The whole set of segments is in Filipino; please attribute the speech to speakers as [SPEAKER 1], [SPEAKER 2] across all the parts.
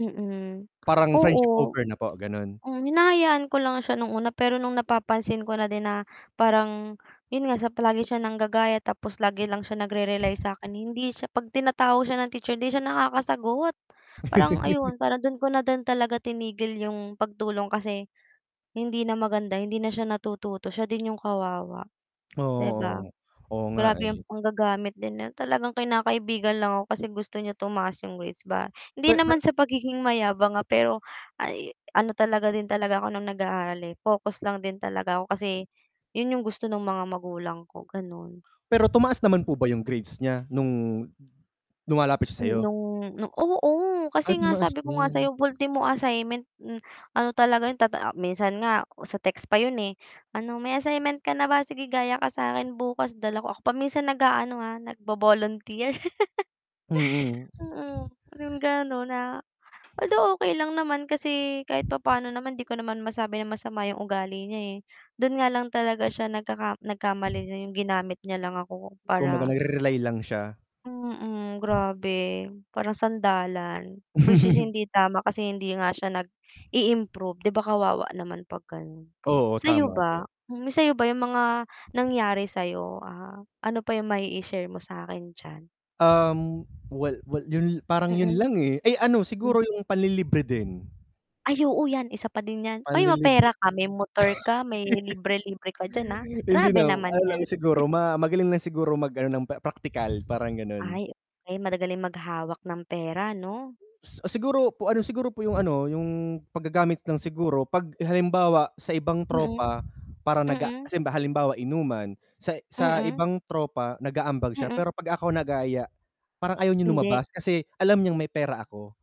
[SPEAKER 1] Mm
[SPEAKER 2] Parang friendship
[SPEAKER 1] oo,
[SPEAKER 2] over na po ganun?
[SPEAKER 1] um, hinahayaan ko lang siya nung una pero nung napapansin ko na din na parang 'yon nga palagi siya nanggagaya tapos lagi lang siya nag-re-realize sa akin, hindi siya 'pag tinatawag siya ng teacher hindi siya nakakasagot, parang ayun, para do'n ko na din talaga tinigil 'yong pagtulong kasi hindi na maganda, hindi na siya natututo siya din 'yong kawawa, 'di ba,
[SPEAKER 2] Oo, oo nga, oo nga,
[SPEAKER 1] grabe ang
[SPEAKER 2] eh.
[SPEAKER 1] panggagamit din, talagang kinakaibigan lang ako kasi gusto niya tumaas yung grades ba, hindi
[SPEAKER 2] Pe pe
[SPEAKER 1] naman sa pagiging mayabang, ah, pero ay ano talaga din talaga ako nung nag-aaral, eh, focus lang din talaga ako kasi yun yung gusto ng mga magulang ko ganon.
[SPEAKER 2] Pero tumaas naman po ba yung grades nya nung lumalapit siya sayo?
[SPEAKER 1] Mm nung nung oo
[SPEAKER 2] Ah,
[SPEAKER 1] kasi nga
[SPEAKER 2] tumaas
[SPEAKER 1] sabi ko nga sabi
[SPEAKER 2] din.
[SPEAKER 1] ko nga sayo ultimo assignment, m ano talaga yun tata minsan nga sa text pa yun, eh, "Ano may assignment ka na ba? Sige gaya ka sakin bukas" dala ko ako pa minsan nag-aano, ah, nga nag-vo-volunteer
[SPEAKER 2] Mm.
[SPEAKER 1] Mm parang ganon na, although, okey lang naman kasi kahit papaano naman di ko naman masabi na masama yung ugali niya, eh, dun nga lang talaga siya nagkaka nagkamali na yung ginamit niya lang ako
[SPEAKER 2] Kumbaga
[SPEAKER 1] para
[SPEAKER 2] nag re-rely lang siya.
[SPEAKER 1] Mm grabe, parang sandalan, which is hindi tama kasi hindi nga siya nag-i-improve 'di ba kawawa naman pag ganon,
[SPEAKER 2] Oo
[SPEAKER 1] sayo
[SPEAKER 2] tama po.
[SPEAKER 1] ba, yung sayo ba yung mga nangyari sayo, ah, ano pa yung ma-i-i-share mo sa akin diyan?
[SPEAKER 2] Um, well well yun parang yun
[SPEAKER 1] Mm.
[SPEAKER 2] lang, eh, ay ano siguro yung panlilibre din.
[SPEAKER 1] Ay oo yan, isa pa din yan, uy mapera
[SPEAKER 2] Panlilibre.
[SPEAKER 1] ka, may motor ka, may libre-libre ka dyan, ah,
[SPEAKER 2] Hindi
[SPEAKER 1] grabe
[SPEAKER 2] na
[SPEAKER 1] naman
[SPEAKER 2] ano
[SPEAKER 1] yan.
[SPEAKER 2] lang siguro, ma magaling lang siguro mag ano ng praktikal parang ganun.
[SPEAKER 1] Ay, may magagaling maghawak ng pera no?
[SPEAKER 2] Ah, siguro po ano, siguro po yung ano, yung paggagamit lang siguro, pag halimbawa sa ibang
[SPEAKER 1] Mm,
[SPEAKER 2] tropa, para naga
[SPEAKER 1] mm.
[SPEAKER 2] kase halimba halimbawa inuman, sa sa
[SPEAKER 1] Mm.
[SPEAKER 2] ibang tropa nag-aambag siya,
[SPEAKER 1] Mm.
[SPEAKER 2] pero pag ako nagaya parang ayaw niyang
[SPEAKER 1] Hindi.
[SPEAKER 2] lumabas, kasi alam niyang may pera ako.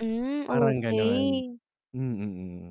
[SPEAKER 1] Hmm
[SPEAKER 2] Parang ganun
[SPEAKER 1] okey.
[SPEAKER 2] mm.